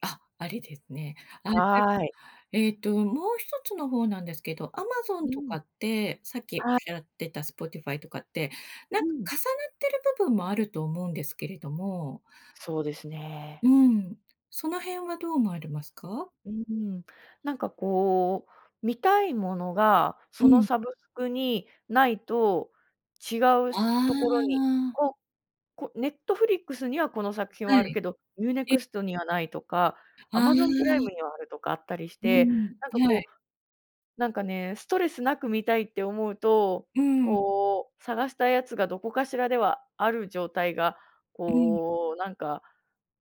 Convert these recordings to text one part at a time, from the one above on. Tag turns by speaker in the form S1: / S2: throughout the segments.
S1: あ、あれですね。あれです、
S2: はい。
S1: えっと、もう一つの方なんですけど、アマゾン
S2: う
S1: と
S2: ん。
S1: かって、さっきおっ
S2: は
S1: し
S2: い。
S1: ゃってたスポティファイとかって、なん
S2: う
S1: か
S2: ん。
S1: 重なってる部分もあると思うんですけれども。
S2: そうです
S1: う
S2: ね。
S1: ーん。その辺はどう思われますか？
S2: うーん。なんかこう、見たいものが
S1: う
S2: その
S1: ん。
S2: サブスクにないと違う
S1: あ
S2: ところに、
S1: あ。
S2: を、こネットフリックスにはこの作品
S1: は
S2: はある
S1: い。
S2: けど、ユーネ
S1: ええ。
S2: クストにはないとか、ア
S1: あ
S2: マゾンプライ
S1: あ。
S2: ムにはある、とかあったりし
S1: うー
S2: て、
S1: ん、
S2: なんか
S1: は
S2: こ
S1: い。
S2: う、なんかね、ストレスなく見たいって思うと、
S1: うーん。
S2: こう探したやつがどこかしらではある状態が
S1: うん。
S2: こうなんか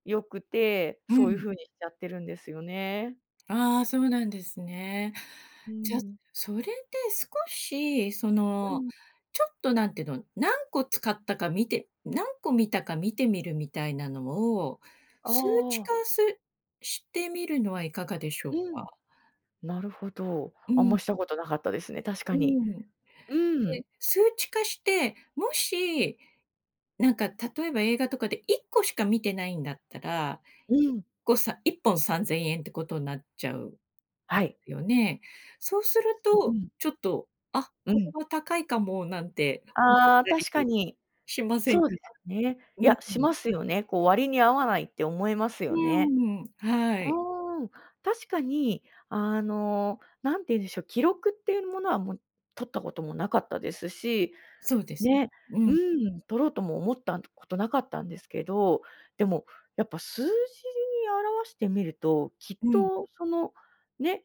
S2: 良くて、
S1: う
S2: そういう
S1: ん。
S2: 風にしちゃってるんですよね。
S1: ああ、そうなんですね。
S2: うー
S1: じゃ、
S2: ん。
S1: それで少し、そ
S2: う
S1: の、
S2: ん。
S1: ちょっとなんていうの、何個使ったか見て何個見たか見てみるみたいなのを、数値
S2: ああ。
S1: 化すしてみるのはいかがでしょう
S2: うん。
S1: か？
S2: なるほど。
S1: う
S2: あん
S1: ん。
S2: ましたことなかったですね、確
S1: う
S2: かに。
S1: ーん。
S2: うん。
S1: で、数値化して、もし、なんか例えば映画とかで1個しか見てないんだったら、
S2: う
S1: いっ
S2: ん。
S1: こ、さ1本¥3000ってことになっちゃう。
S2: はい。
S1: よね。そうする
S2: う
S1: と、
S2: ん。
S1: ちょっと、あ、
S2: う
S1: これ
S2: ん。
S1: は高いかもなんて思っ
S2: ああ。
S1: たり
S2: 確かに。
S1: しません
S2: そ
S1: か？
S2: うですよね。い
S1: うん。
S2: や、しますよね、こう割に合わないって思います
S1: う
S2: よね。
S1: ーん、は
S2: あ
S1: い。
S2: あ。確かに、あのなんて言うんでしょう、記録っていうものはもう取ったこともなかったですし、
S1: そうです。
S2: ね、
S1: う
S2: う
S1: ん。
S2: ん、取ろうとも思ったことなかったんですけど、でもやっぱ数字に表してみると、きっ
S1: うん。
S2: とそのね、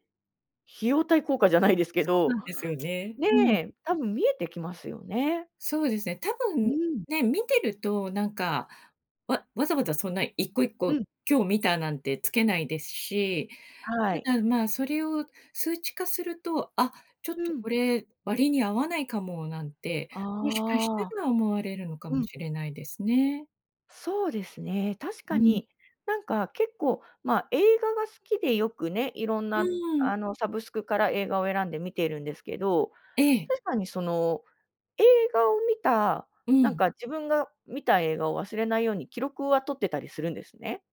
S2: 費用対効果じゃないですけ
S1: そうな
S2: ど、
S1: んですよね。
S2: ね
S1: うん。
S2: え、多分見えてきますよね。
S1: そうですね、たぶ
S2: う
S1: ん、
S2: ん。
S1: ね、見てると、なんか、わわざわざそんな一個一
S2: う
S1: 個
S2: ん。
S1: 今日見たなんてつけないですし、
S2: はい。
S1: ただま、それを数値化すると、あ、ちょっ
S2: う
S1: とこ
S2: ん。
S1: れ割に合わないかも、なんて、もしかした
S2: ああ。
S1: ら思われるのか
S2: う
S1: も
S2: ん。
S1: しれないですね。
S2: そうですね、確
S1: う
S2: か
S1: ん。
S2: になんか結構、ま、映画が好きでよくね、いろん
S1: う
S2: な
S1: ーん。
S2: あのサブスクから映画を選んで見ているんですけど、
S1: ええ。
S2: 確かにその映画を見た、
S1: う
S2: なん
S1: ん。
S2: か自分が見た映画を忘れないように記録は取ってたりするんですね。